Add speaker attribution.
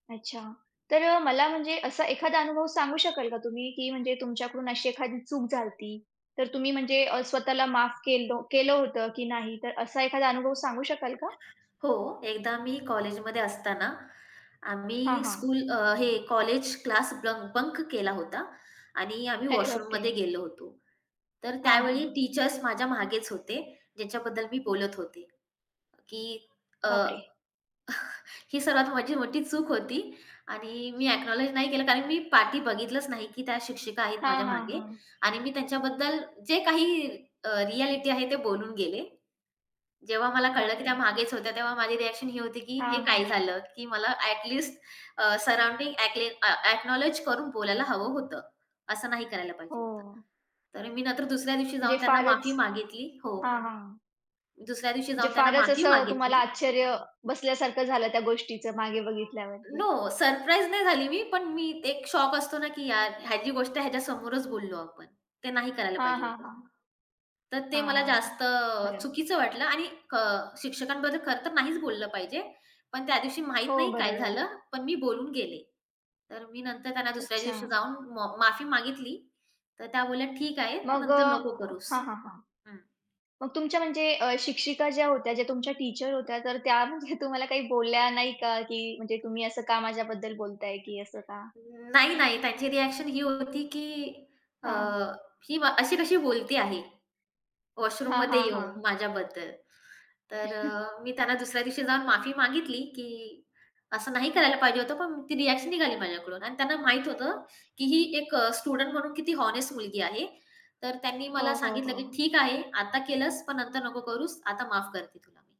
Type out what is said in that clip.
Speaker 1: अच्छा. तर अ, मला म्हणजे असा एखादा अनुभव सांगू शकाल का तुम्ही, की म्हणजे तुमच्याकडून अशी एखादी चूक झाली होती, तर तुम्ही म्हणजे अ, स्वतःला माफ केलो केलं होतं की नाही, तर असा एखादा अनुभव सांगू शकाल का?
Speaker 2: हो, एकदा मी कॉलेजमध्ये असताना
Speaker 1: हां,
Speaker 2: आम्ही
Speaker 1: हां.
Speaker 2: स्कूल अ, हे कॉलेज क्लास ब्लन् बंक केला होता आणि आम्ही
Speaker 1: अरे
Speaker 2: वॉशरूममध्ये
Speaker 1: बापरे!
Speaker 2: गेलो होतो. तर
Speaker 1: हां, हां,
Speaker 2: त्यावेळी
Speaker 1: हां.
Speaker 2: टीचर्स माझ्या मागेच होते ज्यांच्याबद्दल मी बोलत होते, की अ
Speaker 1: बाप रे!
Speaker 2: ही सर्वात माझी मोठी चूक होती आणि मी एक्नाउलेज नाही केलं कारण मी पाठी बघितलंच नाही की त्या शिक्षिका आहेत
Speaker 1: हां,
Speaker 2: माझ्या
Speaker 1: हां,
Speaker 2: मागे.
Speaker 1: हां.
Speaker 2: आणि मी त्यांच्याबद्दल जे काही अ, रिएलिटी आहे ते बोलून गेले. जेव्हा मला कळलं,
Speaker 1: बाप
Speaker 2: की त्या
Speaker 1: रे!
Speaker 2: मागेच होत्या तेव्हा माझी रिएक्शन ही होती, की हे
Speaker 1: हां,
Speaker 2: काय
Speaker 1: हां.
Speaker 2: झालं की मला ॲट लिस्ट अ, सराउंडिंग ॲकले ॲक्नाउलेज करून बोलायला हवं होतं. असं नाही करायला पाहिजे होतं.
Speaker 1: हो.
Speaker 2: तर मी नंतर दुसऱ्या दिवशी
Speaker 1: म्हणजे
Speaker 2: जाऊन त्यांना
Speaker 1: फारच
Speaker 2: माफी मागितली हो.
Speaker 1: हां, हां.
Speaker 2: दुसऱ्या दिवशी
Speaker 1: म्हणजे
Speaker 2: जाऊन त्यांना
Speaker 1: फारच
Speaker 2: माफी
Speaker 1: असं तुम्हाला
Speaker 2: मागितली.
Speaker 1: आश्चर्य, बसल्यासारखं झालं त्या गोष्टीचं मागे बघितल्यावरती.
Speaker 2: नो. सरप्राईज नाही झाली मी, पण मी एक शॉक असतो ना, की यार ह्याची गोष्ट आहे ह्याच्या समोरच बोललो आपण. ते नाही करायला
Speaker 1: हां,
Speaker 2: पाहिजे
Speaker 1: हां,
Speaker 2: होतं.
Speaker 1: हां.
Speaker 2: तर ते
Speaker 1: हां,
Speaker 2: मला
Speaker 1: हां,
Speaker 2: जास्त अ,
Speaker 1: बरोबर.
Speaker 2: चुकीचं वाटलं आणि क शिक्षकांबद्दल खरं तर नाहीच बोललं पाहिजे. पण त्यादिवशी माहीत
Speaker 1: हो
Speaker 2: नाही काय
Speaker 1: बरोबर आहे.
Speaker 2: झालं, पण मी बोलून गेले. तर मी नंतर त्यांना दुसऱ्या दिवशी
Speaker 1: अच्छा.
Speaker 2: जाऊन मो माफी मागितली. तर त्या बोलल्या, "ठीक आहे,
Speaker 1: मग अ
Speaker 2: नंतर नको करूस."
Speaker 1: हां, हां, हां.
Speaker 2: हं.
Speaker 1: मग तुमच्या म्हणजे अ, शिक्षिका ज्या होत्या ज्या तुमच्या टीचर होत्या, तर त्या म्हणजे तुम्हाला काही बोलल्या नाही का, की म्हणजे "तुम्ही असं का माझ्याबद्दल बोलताय" की असं का?
Speaker 2: नाही, नाही. त्यांची रिएक्शन ही होती, की अ,
Speaker 1: हां.
Speaker 2: ही अशी कशी बोलती आहे
Speaker 1: हां,
Speaker 2: वॉशरूममध्ये
Speaker 1: हां,
Speaker 2: येऊन
Speaker 1: हां.
Speaker 2: माझ्याबद्दल. तर अ, मी त्यांना दुसऱ्या दिवशी जाऊन माफी मागितली, की असं नाही करायला पाहिजे होतं, पण ती रिएक्शन निघाली माझ्याकडून आणि त्यांना माहीत होतं, की ही एक अ, स्टुडंट म्हणून किती होनेस्ट मुलगी आहे. तर त्यांनी मला
Speaker 1: हो, हो,
Speaker 2: सांगितलं, की
Speaker 1: हो.
Speaker 2: "ठीक आहे, आता केलंस पण नंतर नको करूस, आता माफ करते तुला मी."